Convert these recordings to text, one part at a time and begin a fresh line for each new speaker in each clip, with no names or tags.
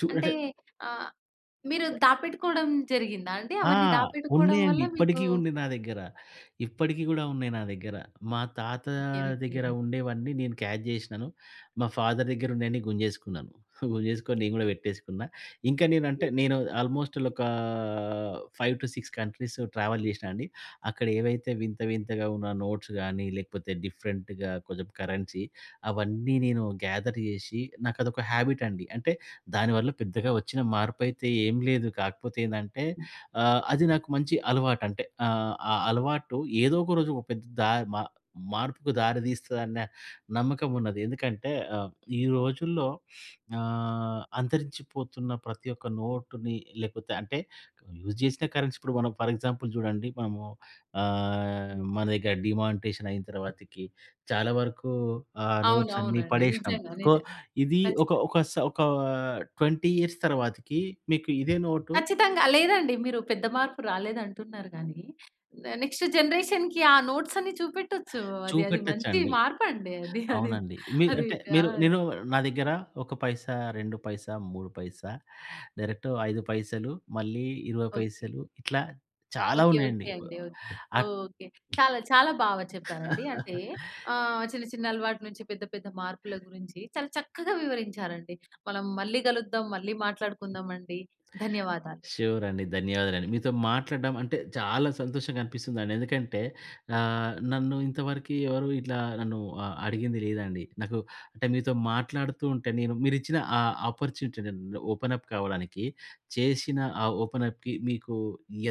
చు
అంటే
అంటే
ఆహ్, మీరు
చ
దాపెట్టుకోవడం జరిగిందా అండి?
ఆ!
అవన్నీ దాపెట్టుకోవడం
ఉన్నాయండి.
వల్ల మీకు
ఇప్పడికి ఉంది నా దగ్గర. ఇప్పడికి గూడా ఉన్నాయి నా దగ్గర. మా తాత
ఓకే. ఓకే.
దగ్గర ఉండేవన్నీ నేను క్యాచ్ జేసినను, మా ఫాదర్ దగ్గర ఉన్నయన్ని గుంజేసుకున్నాను. గుంజేసుకొని నేను గూడా వెట్టేసుకున్నా. ఇంకా నేనంటే నేను ఆల్మోస్ట్ ల్ ఒకా 5-6 కంట్రీస్ ట్రావెల్ జేశ్నా అండి. అక్కడ ఏవైతే వింత వింతగా ఉన్న నోట్స్ గాని లేకపోతే డిఫరెంట్‌గా కొంచెం కరెన్సీ, అవన్నీ నేను గేథర్ జేషి నాకు అదొక హాబిట్ అండి. అంటే దాని వల్ల పెద్దగా ఒచ్చిన మార్పైతే ఏం లేదు కాకపోతే ఏందంటే
హ్మ్.
ఆహ్, అది నాకు మంచి అలవాటంటే ఆహ్, ఆ అలవాటు ఏదో ఒక రోజు ఒక పెద్ద దాయ్ మ మార్పుకు దారి దీస్తదన్న నమ్మకం ఉన్నది. ఎందుకంటే ఆహ్, ఈ రోజుల్లో ఆహ్, అంతరించిపోతున్న ప్రతి ఒక్క నోటుని లేకపోతే అంటే యూజ్ జేసిన కరెన్సీ ఇప్పుడు మనం ఫర్ ఎగ్జాంపుల్ జూడండి మనము ఆహ్, మన దగ్గర డీమానిటైజేషన్ అయిన తర్వాతికి చాలా వరకు ఆ
అవును.
నోట్స్ అన్నీ
అవునండి.
పడేషినం.
నిజంగా.
కొ
నిజంగా.
ఇది ఒక,
ఖచ్చితంగా!
ఒక స ఒక 20 ఇయర్స్ తర్వాతికి మీకు ఇదే నోటు
ఖచ్చితంగా! లేదండి. మీరు పెద్ద మార్పు రాలేదంటున్నారు గానీ న నెక్స్ట్ జనరేషన్‌కి ఆ నోట్స్ అన్ని చూపెట్టొచ్చు అది, అది మంచి
చూపెట్టొచ్చండి.
మార్పండి అది. అది,
అవునండి. మీ
అది.
అంటే
ఆ!
మీరు నేను నా దగ్గర ఒక పైసా, 2 పైసా, 3 పైసా, డైరెక్ట్ 5 పైసలు మళ్ళీ 20
ఓకే.
పైసలు ఇట్లా చాలా
ఓకే.
ఉన్నాయండి.
ఓకే
ప్
అండి. ఒక్
అట్
ఓకే. చాలా చాలా బాగా చెప్పారండి. అంటే ఆహ్, చిన్న చిన్న అలవాటు నుంచి పెద్ద పెద్ద మార్పుల గురించి చాలా చక్కగా వివరించారండి. మనం మళ్ళీ గలుద్దాం, మళ్ళీ మాట్లాడుకుందాం అండి. ధన్యవాదాలు.
షురండి. ధన్యవాదాలండి. మీతో మాట్లాడడం అంటే చాలా సంతోషంగా అనిపిస్తుందండి. ఎందుకంటే ఆహ్, నన్ను ఇంతవరకి ఎవరు ఇట్లా నన్ను ఆహ్, అడిగింది లేదండి. నాకు అంటే మీతో మాట్లాడుతూ ఉంటే, నేను మీరిచ్చిన ఆ అపార్చునిటీ న్ ఓపెన్ అప్ కావడానికి చేషిన ఆ ఓపెన్ అప్‌కి మీకు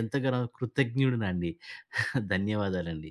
ఎంతగానో కృతజ్ఞుడునండి. ధన్యవాదాలండి.